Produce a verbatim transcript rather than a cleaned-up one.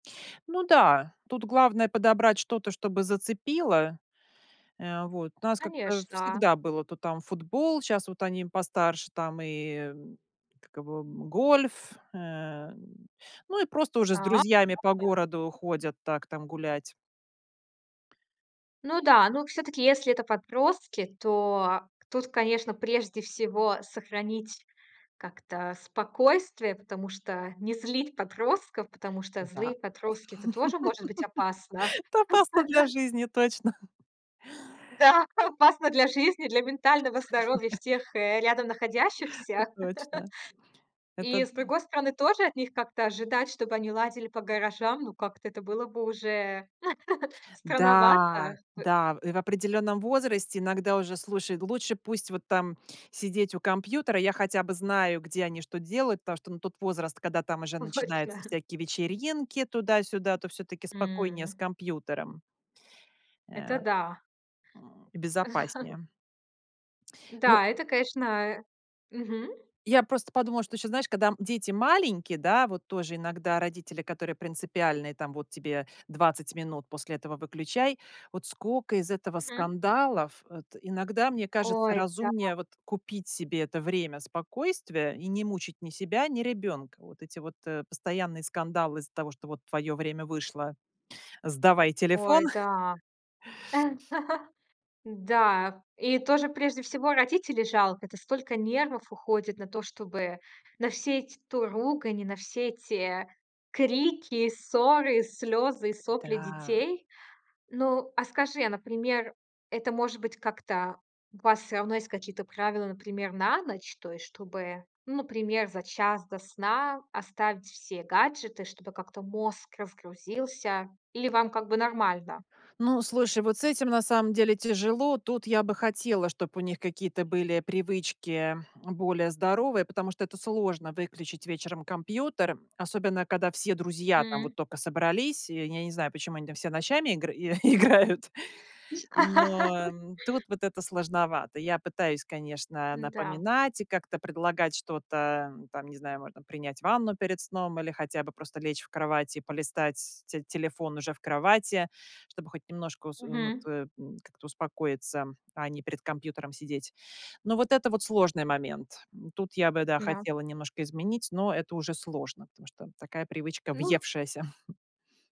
Ну да, тут главное подобрать что-то, чтобы зацепило. Э, вот, у нас как-то Конечно. всегда было то там футбол, щас вот они постарше, там и, м, как его, м, гольф. Эм, ну, и просто уже с А. друзьями по [unintelligible] городу ходят так, там гулять. Ну да. Ну, всё-таки, если это подростки, то тут, конечно, прежде всего сохранить как-то спокойствие, потому что не злить подростков, потому что Н-да. злые подростки- это тоже может быть опасно. Это опасно для жизни точно. Да, опасно для жизни, для ментального здоровья всех, э, рядом Это находящихся. точно. Это, И, с м другой стороны, тоже от них как-то ожидать, чтобы они ладили по гаражам, ну, как-то это было бы уже странновато, Да, ах, бы. да, в э в определённом возрасте иногда уже, слушай, д лучше пусть вот там сидеть у компьютера. Я хотя бы знаю, где они что делают, потому что, ну, тут возраст, когда там уже У, начинается точно. всякие вечеринки туда-сюда, то всё-таки спокойнее с М. компьютером. Э, Это а, да. м, безопаснее. Ну Н-да, это, конечно, э мгм. Я просто подумала, что ещё, знаешь, когда, м, дети маленькие, да, вот тоже иногда родители, которые принципиальные, там: "Вот тебе двадцать минут, после этого выключай". Вот скока из этого Мгм. скандалов. Вот иногда, мне кажется, Ой, да. разумнее вот купить себе это время спокойствия и не мучить ни себя, ни ребёнка. Вот эти вот, э, постоянные скандалы из-за того, что вот: "Твоё время вышло, сдавай телефон". Ой, да. Н-да. И тоже прежде всего родителей жалко. Это столько нервов уходит на то, чтобы на все эти то ругань, и на все эти, э, крики, ссоры, слёзы и сопли Да. детей. Ну, а скажи, а, например, это, может быть, как-то у вас всё равно есть какие-то правила, например, на ночь? То есть, чтобы, ну, например, за час до сна оставить все гаджеты, чтобы как-то мозг разгрузился. Или вам как бы нормально? Ну, слушай, вот с этим на самом деле тяжело. Тут я бы хотела, чтоб у них какие-то были привычки, эм, более здоровые, потому что это сложно выключить вечером компьютер, особенно когда все друзья там М. вот тока собрались. И я не знаю, почему они там все ночами игры играют. Но, ам, тут вот это сложновато. Я пытаюсь, конечно, Н-да. напоминать и как-то предлагать что-то, ам. Там, не знаю, можно принять ванну перед сном или хотя бы просто лечь в кровать и полистать те телефон уже в кровати, чтобы хоть немножко ус э, ну, Мгм. тэ м как-то успокоиться, ам, а не перед компьютером сидеть. Но вот это вот сложный момент. М, тут я бы, да, Н-да. хотела немножко изменить, но это уже сложно, потому что такая привычка Ну, з въевшаяся, хм.